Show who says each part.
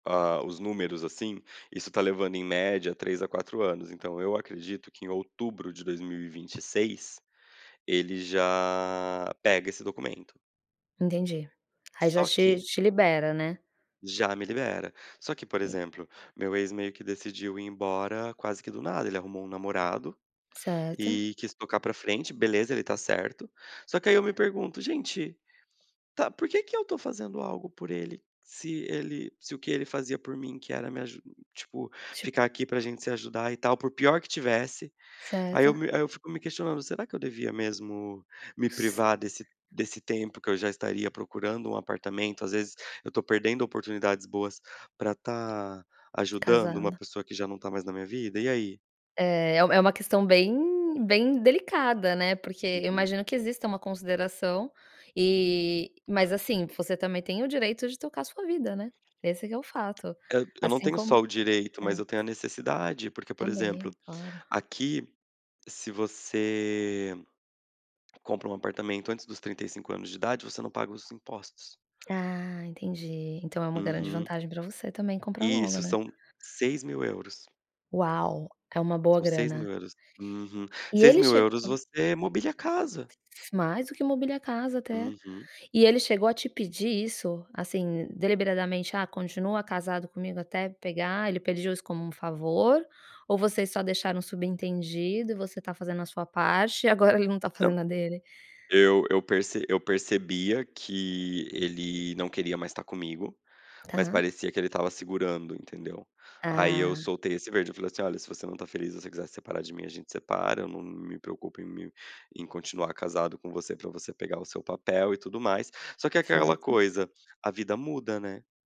Speaker 1: Ah, os números assim, isso tá levando em média 3 a 4 anos, então eu acredito que em outubro de 2026, ele já pega esse documento.
Speaker 2: Entendi, aí já
Speaker 1: Só
Speaker 2: te
Speaker 1: que
Speaker 2: te libera, né.
Speaker 1: Já me libera. Só que por
Speaker 2: E
Speaker 1: exemplo, meu ex meio que decidiu ir embora quase que do nada, ele arrumou um namorado,
Speaker 2: Certo.
Speaker 1: e quis tocar pra frente. Beleza, ele está certo. Só que aí eu me pergunto: "Gente, tá, por que que eu estou fazendo algo por ele, se ele se o que ele fazia por mim que era me aju tipo,
Speaker 2: Ti
Speaker 1: ficar aqui pra gente se ajudar e tal por pior que tivesse". Aí eu
Speaker 2: Certo.
Speaker 1: me aí eu fico me questionando, será que eu devia mesmo me
Speaker 2: S
Speaker 1: privar desse desse tempo que eu já estaria procurando um apartamento, às vezes, eu estou perdendo oportunidades boas pra tá ajudando uma
Speaker 2: Casada.
Speaker 1: pessoa que já não tá mais na minha vida, e aí?
Speaker 2: É, é uma questão bem, bem delicada, né, porque eu
Speaker 1: Uhum.
Speaker 2: imagino que exista uma consideração e, mas assim, você também tem o direito de tocar sua vida, né. Esse que é o fato,
Speaker 1: Eu eu não
Speaker 2: assim
Speaker 1: tenho
Speaker 2: como
Speaker 1: só o direito, mas
Speaker 2: é.
Speaker 1: eu tenho a necessidade, porque por exemplo,
Speaker 2: também, claro.
Speaker 1: aqui, se você compra um apartamento antes dos 35 anos de idade, você não paga os impostos.
Speaker 2: Ah entendi, então é um grande
Speaker 1: Uhum.
Speaker 2: vantagem pra você também comprar logo,
Speaker 1: Isso
Speaker 2: né.
Speaker 1: são 6000 euros.
Speaker 2: Uau, é uma boa
Speaker 1: São 6000
Speaker 2: grana.
Speaker 1: euros. Uhum,
Speaker 2: E
Speaker 1: seis
Speaker 2: ele
Speaker 1: mil euros
Speaker 2: chegou.
Speaker 1: você mobília a casa.
Speaker 2: Mais do que mobíliar casa até.
Speaker 1: Uhum.
Speaker 2: E ele chegou a te pedir isso, assim deliberadamente: "Ah, continua casado comigo até pegar", ele pediu isso como um favor, ou vocês só deixaram subentendido, e você tá fazendo a sua parte, e agora ele não está
Speaker 1: Então,
Speaker 2: fazendo a dele?
Speaker 1: eu eu perce eu percebia que ele não queria mais estar comigo, mas
Speaker 2: Tá.
Speaker 1: parecia que ele estava segurando, entendeu? Aí eu
Speaker 2: Ah.
Speaker 1: soltei esse verde, falei assim: "Olha, se você não está feliz, se você quiser separar de mim, a gente separa, eu não me preocupo em me em continuar casado com você, pra você pegar o seu papel e tudo mais". Só que é aquela
Speaker 2: Certo.
Speaker 1: coisa, a vida muda, né.